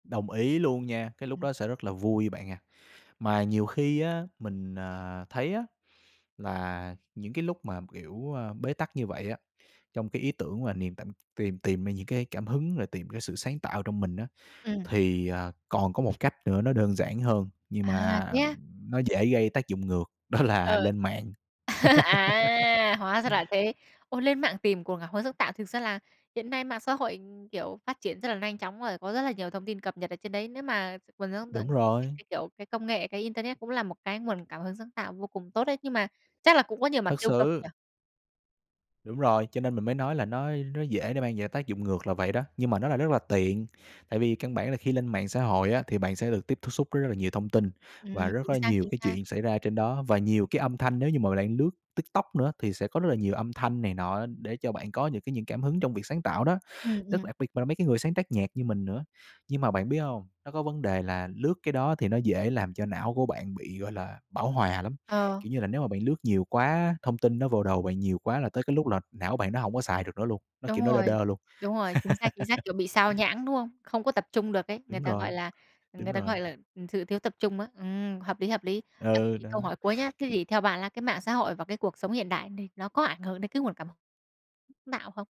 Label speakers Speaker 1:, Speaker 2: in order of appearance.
Speaker 1: Đồng ý luôn nha, cái lúc
Speaker 2: Ừm.
Speaker 1: đó sẽ rất là vui bạn à. Mà nhiều khi á mình, à, thấy á là những cái lúc mà, kiểu, a, bế tắc như vậy á, trong cái ý tưởng và niềm t tìm tìm ra những cái cảm hứng rồi tìm cái sự sáng tạo trong mình á,
Speaker 2: Ừm.
Speaker 1: thì, à, còn có một cách nữa nó đơn giản hơn, nhưng
Speaker 2: À,
Speaker 1: mà,
Speaker 2: thế
Speaker 1: ừm,
Speaker 2: á?
Speaker 1: nó dễ gây tác dụng ngược, đó là
Speaker 2: Ừ.
Speaker 1: lên mạng.
Speaker 2: À, hóa ra là thế. Ô, lên mạng tìm cuồng cảm hứng sáng tạo thực ra là hiện nay mạng xã hội, ừm, kiểu, phát triển rất là lanh chóng rồi, có rất là nhiều thông tin cập nhật ở trên đấy. Nếu mà nguồn sáng
Speaker 1: Đúng
Speaker 2: tận cái
Speaker 1: rồi.
Speaker 2: cái, kiểu, cái công nghệ, cái internet cũng là một cái nguồn cảm hứng sáng tạo vô cùng tốt đấy. Nhưng mà chắc là cũng có nhiều mặt
Speaker 1: Thật
Speaker 2: tiêu cực
Speaker 1: sự.
Speaker 2: nhỉ?
Speaker 1: Đúng rồi, cho nên mình mới nói là nó á, nó dễ để mang về tác dụng ngược là vậy đó, nhưng mà nó là rất là tiện. Tại vì căn bản là khi lên mạng xã hội á thì bạn sẽ được tiếp tiếp xúc với rất là nhiều thông tin và
Speaker 2: Ừm,
Speaker 1: rất
Speaker 2: chính
Speaker 1: là
Speaker 2: xác,
Speaker 1: nhiều
Speaker 2: chính
Speaker 1: cái
Speaker 2: xác.
Speaker 1: chuyện xảy ra trên đó. Và nhiều cái âm thanh, nếu như mọi người đang lướt TikTok nữa á, thì sẽ có rất là nhiều âm thanh này nọ á, để cho bạn có những cái những cảm hứng trong việc sáng tạo đó.
Speaker 2: Ừm,
Speaker 1: Rất
Speaker 2: ừm.
Speaker 1: đặc biệt mà là mấy cái người sáng tác nhạc như mình nữa. Nhưng mà bạn biết hông, nó có vấn đề là lướt cái đó thì nó dễ làm cho não của bạn bị, gọi là, bão hòa lắm.
Speaker 2: Ờ.
Speaker 1: Kiểu như là, nếu mà bạn lướt nhiều quá á, thông tin nó vô đầu bạn nhiều quá là tới cái lúc là não bạn nó hông có xài được nữa luôn. Nó kiểu
Speaker 2: Đúng
Speaker 1: nó đơ
Speaker 2: rồi,
Speaker 1: đơ luôn.
Speaker 2: đúng rồi, chính xác, chính xác, kiểu bị xao nhãng, đúng hông? Không có tập trung được ấy. Người
Speaker 1: Đúng
Speaker 2: ta gọi
Speaker 1: rồi,
Speaker 2: là, ừm,
Speaker 1: đúng
Speaker 2: người ta
Speaker 1: rồi.
Speaker 2: gọi là, ừm, sự thiếu tập trung á. Ừm, hợp lý, hợp lý. À, thế
Speaker 1: Ừ,
Speaker 2: thì
Speaker 1: đó.
Speaker 2: câu hỏi cuối nhá.
Speaker 1: C
Speaker 2: Thế thì theo bạn la cái mạng xã hội và cái cuộc sống hiện đại này nó có ảnh hưởng đến cái nguồn cảm h tạo không?